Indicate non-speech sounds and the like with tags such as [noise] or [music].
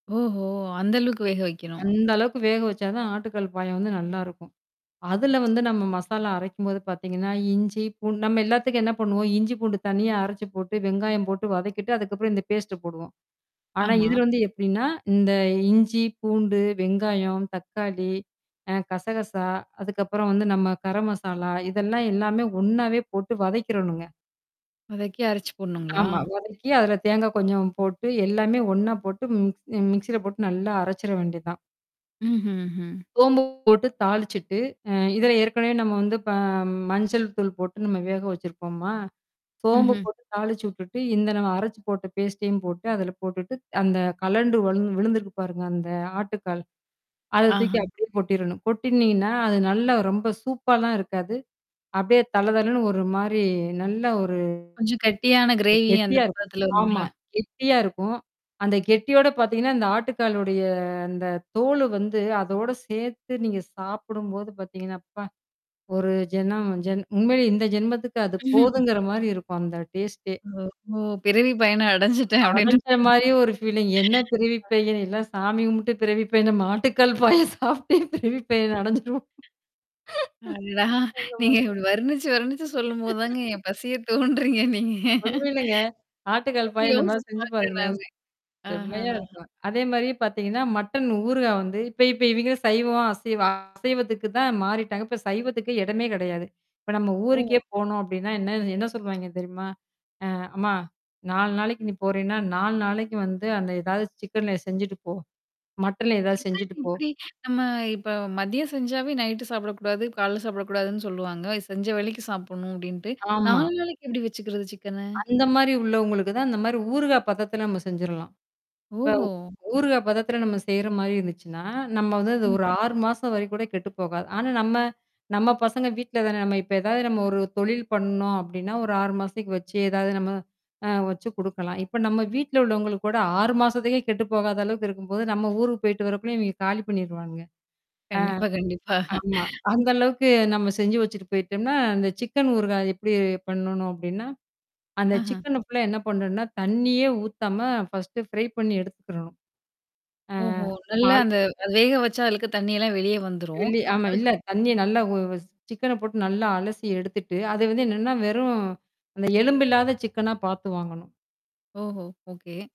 ஓஹோ. அந்த அளவுக்கு வேக வைக்கணும். அந்த அளவுக்கு வேகவச்சாதான் ஆட்டுக்கால் பாயா வந்து நல்லாருக்கும். அதுல வந்து, நம்ம மசாலா அரைக்கும்போது பார்த்தீங்கன்னா, இஞ்சி, பூண்டு நம்ம எல்லாத்துக்கும் என்ன பண்ணுவோம், இஞ்சி, பூண்டு தனியா அரைச்சுப் போட்டு, வெங்காயம் போட்டு வதக்கிட்டு, அதுக்கப்புறம், இந்த பேஸ்ட் போடுவோம். ஆனா, ஆமா. இதுல வந்து எப்பிடின்னா இந்த இஞ்சி, பூண்டு, வெங்காயம், தக்காளி, அ கசகசா, அதுக்கப்புறம் வந்து நம்ம கரம்மசாலா இதெல்லாம் எல்லாமே ஒண்ணாவே போட்டு வதக்கிறனுங்க. வதக்கி, அரைச்சு போடணும்ங்களா? ஆமா. வதக்கி, அதுல தேங்கா கொஞ்சம் போட்டு, எல்லாமே ஒண்ணா போட்டு மிக் மிக்ஸில போட்டு நல்லா அரைச்சிற வேண்டியதுதான். ம்ஹ்ஹ்ம். சோம்பு போட்டு தாளிச்சிட்டு, அ இதுல ஏற்கனவே நம்ம வந்து இப்ப மஞ்சள் தூள் போட்டு, நம்ம வேகவச்சிருக்கோம்மா? சோம்பு ம்ஹ்ம். போட்டு தாளிச்சுவிட்டுட்டு இந்த நம்ம அரைச்சுப் போட்ட பேஸ்டையும் போட்டு, அதுல போட்டுட்டு அந்தக் கழண்டு வ விழுந்திருக்கு பாருங்க, அந்த ஆட்டுக்கால். அதை ஆஹா. தூக்கி அப்பிடியே கொட்டிறணும். கொட்டுனீங்கன்னா, அது நல்லா ரொம்ப சூப்பால்லாம் இருக்காது. அப்பிடியே தள தளன்னு ஒரு மாரி நல்ல ஒரு கொஞ்சம் கட்டியான கிரேவி, கெட்டியா அந்தப் இருக்கும். பதத்துல ஆமா. வருங்களா? கெட்டியா இருக்கும். அந்தக் கெட்டியோட பார்த்தீங்கன்னா, அந்த ஆட்டுக்காலுடைய அந்தத் தோலு வந்து, அதோட சேர்த்து நீங்கச் சாப்பிடும்போது பார்த்தீங்கன்னா, அப்பா! ஒரு ஜென்மம் ஜென் உண்மையிலேயே இந்த ஜென்மத்துக்கு அது [chuckles] போதுங்கிற மாரி இருக்கும், அந்த டேஸ்ட்டே! ஓஹோ! பிறவி பயன அடைஞ்சுட்டேன், அப்பிடீன்ற அடைஞ்ச மாரியா? மாரியே ஒரு ஃபீலிங். என்ன பிறவிப் [laughs] பயன்? எல்லாம் சாமி கும்பிட்டு பிறவிப் பயன் நம்ம ஆட்டுக்கால் பாயா சாப்புட்டே பிறவிப் பயன் அடைஞ்சிருவோம், அடடா! அந்த நீங்க மாரி. இப்பிடி வருணிச்சு, வருணிச்சு சொல்லும் போதுதான், [laughs] என் பசிய தூண்டுறீங்க, நீங்க. உண்மையிலேங்க. ஆட்டுக்கால் பாயா இந்த மாரி யோசிச்சு செஞ்சு பாக்குறேன், பாருங்க. நானு செம்மையா ஆஹாஹாஹா. இருக்கும். அதே மாரி பார்த்தீங்கன்னா, மட்டன் ஊறுகாய் வந்து இப்ப இப்ப இவிங்களே சைவமா அசைவ அசைவத்துக்குதான் மாறிட்டாங்க. இப்ப சைவத்துக்கு இடமே கிடையாது. இப்ப நம்ம ஊருக்கே ஓ. போனோம், அப்பிடின்னா, என்ன என்ன சொல்லுவாய்ங்க தெரியுமா? "அ அம்மா 4 நாளைக்கு நீ போறேன்னா, 4 நாளைக்கு வந்து, அந்த ஏதாவது சிக்கன்ல செஞ்சிட்டு போ. மட்டன்ல ஏதாவது சிக்கன் செஞ்சிட்டு போ." எப்பிடி? நம்ம இப்ப மதியம் செஞ்சாவே, நைட்டு சாப்பிடக் கூடாது, காலைல சாப்பிடக் கூடாதுன்னு சொல்லுவாங்க. செஞ்ச வேளைக்கு சாப்பிடணும், அப்பிடீன்ட்டு. ஆமா. 4 நாளைக்கு எப்பிடி வச்சுக்கிறது, சிக்கன? அந்த மாரி உள்ளவங்களுக்கு தான், இந்த மாரி ஊறுகாய் பதத்துல நம்ம செஞ்சிரலாம். இப்ப, ஓஹோ. ஊறுகாய் பதத்துல நம்ம செய்ற மாரி இருந்துச்சுன்னா, நம்ம வந்து அது ம். ஒரு 6 மாசம் வரை கூடக் கெட்டுப்போகாது. ஆனா, நம்ம நம்ம பசங்க வீட்லதானே. நம்ம இப்ப ஏதாவது நம்ம ஒரு தொழில் பண்ணோம், அப்படின்னா, ஒரு 6 மாசத்துக்கு வச்சு, ஏதாவது நம்ம அ வச்சு குடுக்கலாம். இப்ப நம்ம வீட்டுல உள்ளவங்களுக்கு கூட, 6 மாசத்துக்கே கெட்டுப்போகாத அளவுக்கு இருக்கும்போது, நம்ம ஊருக்குப் போயிட்டு வரக்குள்ளையும், இவிங்க காலி பண்ணிருவானுங்க. கண்டிப்பா, கண்டிப்பா. ஆ, ஆமா. அந்த அளவுக்கு நம்ம செஞ்சு வச்சிட்டு போயிட்டோம்னா, அந்த சிக்கன் ஊறுகாய் எப்பிடி பண்ணணும் அப்பிடின்னா, அந்த ஆஹ. சிக்கன ஃபுல்லா என்ன பண்ணணும்னா, தண்ணியே ஊத்தாம ஃபர்ஸ்ட் ஃப்ரை பண்ணி எடுத்துக்கிறணும் ஆ ஓஹோ. நம்ம. நல்லா அந்த வேக வச்சா அழுக்கு தண்ணியெல்லாம் வெளிய வந்துரும். வெளிய ஆமா. இல்ல, அதுக்கப் தண்ணிய நல்லா உ உ சிக்கன போட்டு நல்லா அலசி எடுத்துட்டு, அதை வந்து என்னன்னா, வெறும் அந்த எலும்பு இல்லாத சிக்கனா பாத்து வாங்கணும். ஓஹோ. ஓகே.